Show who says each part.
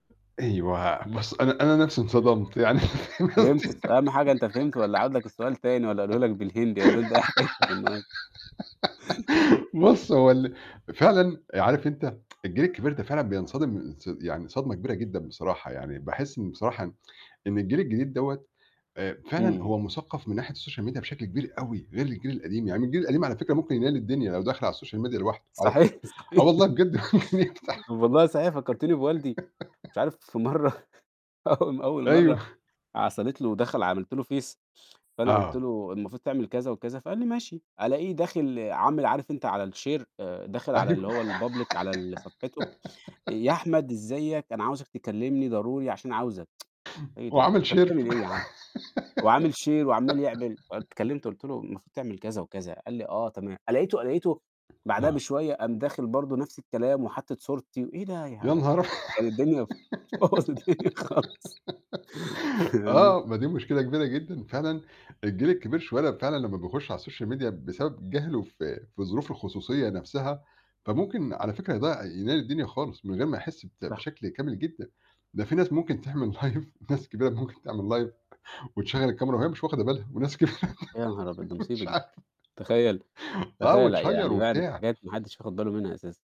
Speaker 1: أيوه، بس أنا أنا نَفْسي انصدمت يعني فاهم
Speaker 2: فهمت
Speaker 1: قصدي
Speaker 2: السؤال أهَم حاجة أنت فهمت والّا أعيد لك السؤال تاني والّا أقوله لك بالهندي والّا أنت إيه حكايتك النهارده.
Speaker 1: بُص، هو ال فعلًا عارف أنت الجيل الكبير ده فعلًا بينصدم ص يعني صدمة كبيرة جدًا بصراحة، يعني باحس إنه بصراحة إن الجيل الجديد دوّة آآ فعلًا
Speaker 2: إمم.
Speaker 1: هو مثَقَّف من ناحية السوشال ميديا بشكل كبير أوي غير الجيل القديم، يعني الجيل القديم على فكرة ممكن ينَيِّل الدنيا لو دَخَل على السوشيال ميديا لوحده على فكرة
Speaker 2: صحيح،
Speaker 1: آه
Speaker 2: صحيح.
Speaker 1: والله بجد، ممكن
Speaker 2: طَب
Speaker 1: يفتح
Speaker 2: والله صحيح فكّرتني بوالدي مش عارف في مرة أول أول مرّة
Speaker 1: أيوه.
Speaker 2: حصلت له ودَخَل عملت له فيس، فأنا قُلت
Speaker 1: آه.
Speaker 2: له: "المفروض تعمل،" كذا وكذا. فقال لي: "ماشي." ألاقيه داخل عامل عارف أنت على الشير آآ داخل على
Speaker 1: أيوه.
Speaker 2: اللي هو الpublic على ال صفحته، يا أحمد إزيك؟ أنا عاوزك تكلِّمني ضروري عشان عاوزك. إيه ده يا عم،
Speaker 1: وعمل
Speaker 2: أنت
Speaker 1: شير
Speaker 2: بتعمل
Speaker 1: في ك
Speaker 2: إيه يا عم؟ وعامل شير وعَمّال يعمل، اتكلِّمت قُلت له: "المفروض تعمل،" كذا وكذا. قال لي: "آه تمام." ألاقيته ألاقيته بعدها
Speaker 1: آه.
Speaker 2: بشوية قام داخل برضه نَفْس الكلام وحاطط صورتي وإيه ده يا
Speaker 1: يا
Speaker 2: يا
Speaker 1: نهار
Speaker 2: كان الدنيا ف بوَّظ الدنيا خالص.
Speaker 1: أ
Speaker 2: فاهمني؟
Speaker 1: آه، ما دي مشكلة كبيرة جدًا. فعلًا الجيل الكبير شوية ل فعلًا لمّا بيخُش على السوشيال ميديا بسبب جهله في في ظروف الخصوصية نَفْسها، فممكن على فكرة يضيّع ينَيِّل الدنيا خالص من غير ما يحس بت
Speaker 2: صح.
Speaker 1: بشكل كامل جدًا. ده في ناس ممكن تعمل live ناس كبيرة ممكن تعمل live وتشغّل الكاميرا وهي مش واخدة بالها وناس كبيرة
Speaker 2: يا نهار أبيضّ دي مصيبة
Speaker 1: مش
Speaker 2: دي.
Speaker 1: عارف.
Speaker 2: تخّيل
Speaker 1: آه،
Speaker 2: تخيّل
Speaker 1: وتشيّر
Speaker 2: يعني باعت
Speaker 1: وبتاع.
Speaker 2: حاجات ما حدّش واخد باله منها أساسًا.